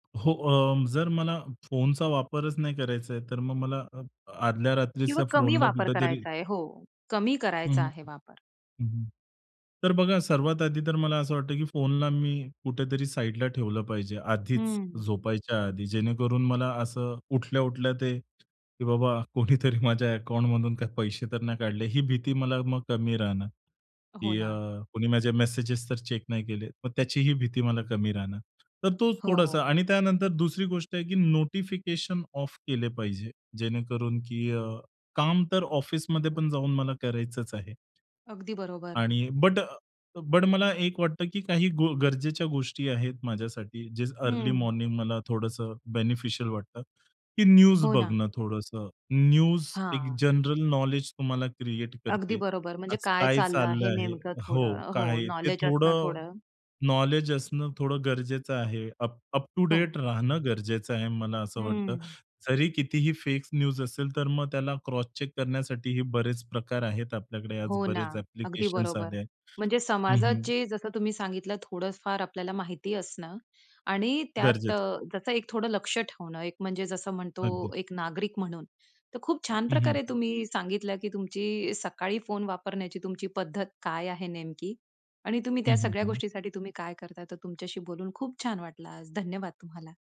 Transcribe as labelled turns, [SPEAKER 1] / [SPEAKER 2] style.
[SPEAKER 1] हो अ, जर मला फोनचा वापरच नाही करायचा आहे तर मग मला अ, आदल्या
[SPEAKER 2] किंवा
[SPEAKER 1] रात्रीचा
[SPEAKER 2] कमी
[SPEAKER 1] फोनला
[SPEAKER 2] वापर
[SPEAKER 1] कुठेतरी
[SPEAKER 2] करायचा आहे हो. कमी
[SPEAKER 1] हं,
[SPEAKER 2] करायचा
[SPEAKER 1] हं.
[SPEAKER 2] आहे वापर.
[SPEAKER 1] हं, हं. तर बघा सर्वात आधी तर मला असं वाटतं की फोनला मी कुठेतरी साइडला ठेवलं पाहिजे, आधीच
[SPEAKER 2] हं.
[SPEAKER 1] झोपायच्या आधी. जेणेकरून मला असं उठल्या-उठल्या ते की बाबा कोणीतरी माझ्या अकाउंटमधून काही पैसे तर नाही काढले ही भीती मला मग कमी राहणार,
[SPEAKER 2] हो
[SPEAKER 1] की अ,
[SPEAKER 2] ना.
[SPEAKER 1] कोणी माझे मेसेजेस तर चेक नाही केले, मग त्याचीही भीती मला कमी राहणार. तर तोच थोडासा.
[SPEAKER 2] हो.
[SPEAKER 1] आणि त्यानंतर दुसरी गोष्ट आहे की नोटिफिकेशन ऑफ केले पाहिजे, जेणेकरून की अ, काम तर ऑफिसमध्ये पण जाऊन मला करायचंच आहे.
[SPEAKER 2] अगदी बरोबर.
[SPEAKER 1] आणि बट अ, बट मला एक वाटतं की काही गो गरजेच्या गोष्टी आहेत माझ्यासाठी, जे अर्ली
[SPEAKER 2] हं.
[SPEAKER 1] मॉर्निंग मला थोडंसं बेनिफिशियल वाटतं, की न्यूज
[SPEAKER 2] हो ना.
[SPEAKER 1] बघणं थोडंसं. न्यूज एक
[SPEAKER 2] हां.
[SPEAKER 1] जनरल नॉलेज तुम्हाला क्रिएट
[SPEAKER 2] अगदी
[SPEAKER 1] करते.
[SPEAKER 2] बरोबर. म्हणजे
[SPEAKER 1] आज
[SPEAKER 2] काय
[SPEAKER 1] काय
[SPEAKER 2] चाललं
[SPEAKER 1] चाललं
[SPEAKER 2] हे
[SPEAKER 1] आहे?
[SPEAKER 2] नेमकं
[SPEAKER 1] हो
[SPEAKER 2] थोडं हो
[SPEAKER 1] काय ते
[SPEAKER 2] नॉलेज असणं
[SPEAKER 1] थोडं,
[SPEAKER 2] थोडं.
[SPEAKER 1] नॉलेज असणं थोडं गरजेचं आहे. अप अप टू
[SPEAKER 2] हो.
[SPEAKER 1] डेट राहणं गरजेचं आहे मला असं वाटतं.
[SPEAKER 2] हं.
[SPEAKER 1] जरी कितीही फेक न्यूज असेल, तर मग त्याला क्रॉस चेक करण्यासाठीही बरेच प्रकार आहेत आपल्याकडे
[SPEAKER 2] हो ना.
[SPEAKER 1] बरेच
[SPEAKER 2] अगदी
[SPEAKER 1] ॲप्लिकेशन्स आले
[SPEAKER 2] बरोबर.
[SPEAKER 1] आहेत
[SPEAKER 2] म्हणजे
[SPEAKER 1] हं,
[SPEAKER 2] समाजात,
[SPEAKER 1] हं.
[SPEAKER 2] जे जसं तुम्ही सांगितलं थोडं फार आपल्याला माहिती असणं आणि त्यात
[SPEAKER 1] गरजेचं आहे.
[SPEAKER 2] जसं एक थोडं लक्ष ठेवणं, एक म्हणजे जसं म्हणतो
[SPEAKER 1] अगदीच.
[SPEAKER 2] एक नागरिक म्हणून तर खूप छान
[SPEAKER 1] हं,
[SPEAKER 2] प्रकारे
[SPEAKER 1] हं.
[SPEAKER 2] तुम्ही सांगितलं, की तुमची सकाळी फोन वापरण्याची तुमची पद्धत काय आहे नेमकी. आणि तुम्ही
[SPEAKER 1] हं,
[SPEAKER 2] त्या
[SPEAKER 1] हं,
[SPEAKER 2] सगळ्या
[SPEAKER 1] हं.
[SPEAKER 2] गोष्टीसाठी तुम्ही काय करताय? तर तुमच्याशी बोलून खूप छान वाटल आज. धन्यवाद तुम्हाला.